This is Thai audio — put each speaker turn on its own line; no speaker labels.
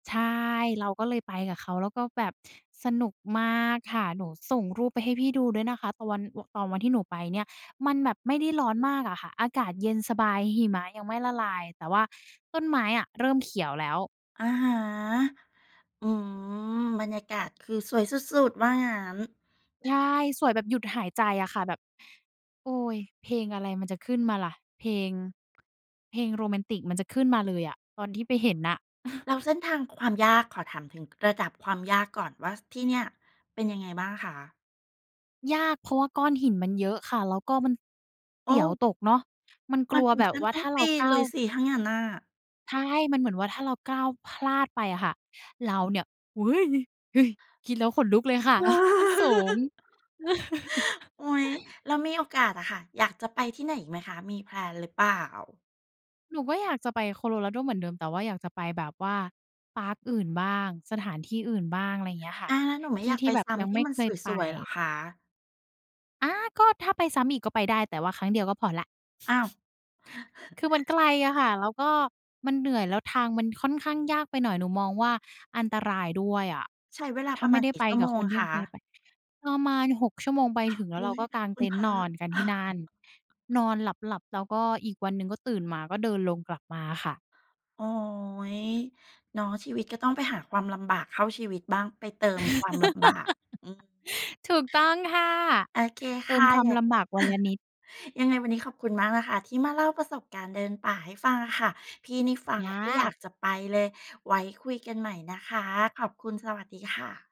ใช่ เราก็เลยไปกับเขา แล้วก็แบบสนุกมากค่ะ หนูส่งรูปไปให้พี่ดูด้วยนะคะ ตอน ตอนวันที่หนูไปเนี่ย มันแบบไม่ได้ร้อนมากอะค่ะ อากาศเย็นสบาย หิมะยังไม่ละลาย แต่ว่าต้นไม้อะเริ่มเขียวแล้ว
อะฮะ อืม บรรยากาศคือสวยสุด ๆ ว่างั้น
ใช่ สวยแบบหยุดหายใจอะค่ะ แบบ "โอ้ย! เพลงอะไรมันจะขึ้นมาล่ะ เพลง เพลงโรแมนติกมันจะขึ้นมาเลยอะ" ตอนที่ไปเห็นน่ะ
แล้วเส้นทางความยาก ขอถามถึงระดับความยากก่อนว่าที่เนี่ยเป็นยังไงบ้างคะ?
ยาก เพราะว่าก้อนหินมันเยอะค่ะ แล้วก็มัน เ
โ
ส
อ
ียว
้!
ตกเนาะ มันก
ม
ล
ั
ั
น
ว
ถึ
แ
ง
บ
ข
บ
ั้
ว
น
่า
ต้
ถ
อ
้
ง
าเ
ป
รา
ีน
ก้
เ
า
ล
ว
ยสิ ถ้างั้นน่ะ
ใช่ มันเหมือนว่าถ้าเราก้าวพลาดไปอะค่ะ เราเนี่ย "อุ๊ย! ฮึ่ย!" คิดแล้วขนลุกเลย ค่ะ มันสูง
อุ๊ย แล้วมีโอกาสอะค่ะ อยากจะไปที่ไหนอีกไหมคะ มี แพลน หรือเปล่า?
หนูก็อยากจะไปโคโลราโดเหมือนเดิม แต่ว่าอยากจะไปแบบว่าพาร์กอื่นบ้าง สถานที่อื่นบ้าง อะไรอย่างเงี้ยค่ะ
อา แล้วหนูไม
ท
่
ี
อ
่
ยาก
ที
ไ
่
ป
แบบ
ซ้
ยัง
ำที
ไม
่
่
มั
เ
น
คยไป
สวย ๆ เหรอคะ?
อา ก็ถ้าไปซ้ำอีกก็ไปได้ แต่ว่าครั้งเดียวก็พอแล้ว
อ้าว!
คือมันไกลอะค่ะ แล้วก็มันเหนื่อย แล้วทางมันค่อนข้างยากไปหน่อย หนูมองว่าอันตรายด้วยอะ
ใช้เวลา
ถ้
ป
า
ระ
ไม
ม
่
าณ
ได้
กี่
ไป
ชั่ว
กั
โม
บค
ง
นที่
ค
เคย
ะ?
ไป ประมาณ 6 ชั่วโมง ไปถึงแล้
อ
วเ
ุ
รา
๊ย!
ก็กาง
ค
เ
ุ
ต
ณ
็น
พ
ท์
ร
น
ะ
อนกันที่นั่น นอนหลับ ๆ แล้วก็อีกวันหนึ่งก็ตื่นมาก็เดินลงกลับมาค่ะ
โอ๊ย! เนาะ ชีวิตก็ต้องไปหาความลำบากเข้าชีวิตบ้าง ไปเติมความลำบาก อืม
ถูกต้องค่ะ
โอเค
เต
ค
ิม
่ะ
ความ
อยา
ล
ก
ำบากวันละนิด
ยังไงวันนี้ขอบคุณมากนะคะที่มาเล่าประสบการณ์เดินป่าให้ฟังอะค่ะ พี่นี่ฟัง
อ
ก็อยา
า
กจะไปเลย ไว้คุยกันใหม่นะคะ ขอบคุณ สวัสดีค่ะ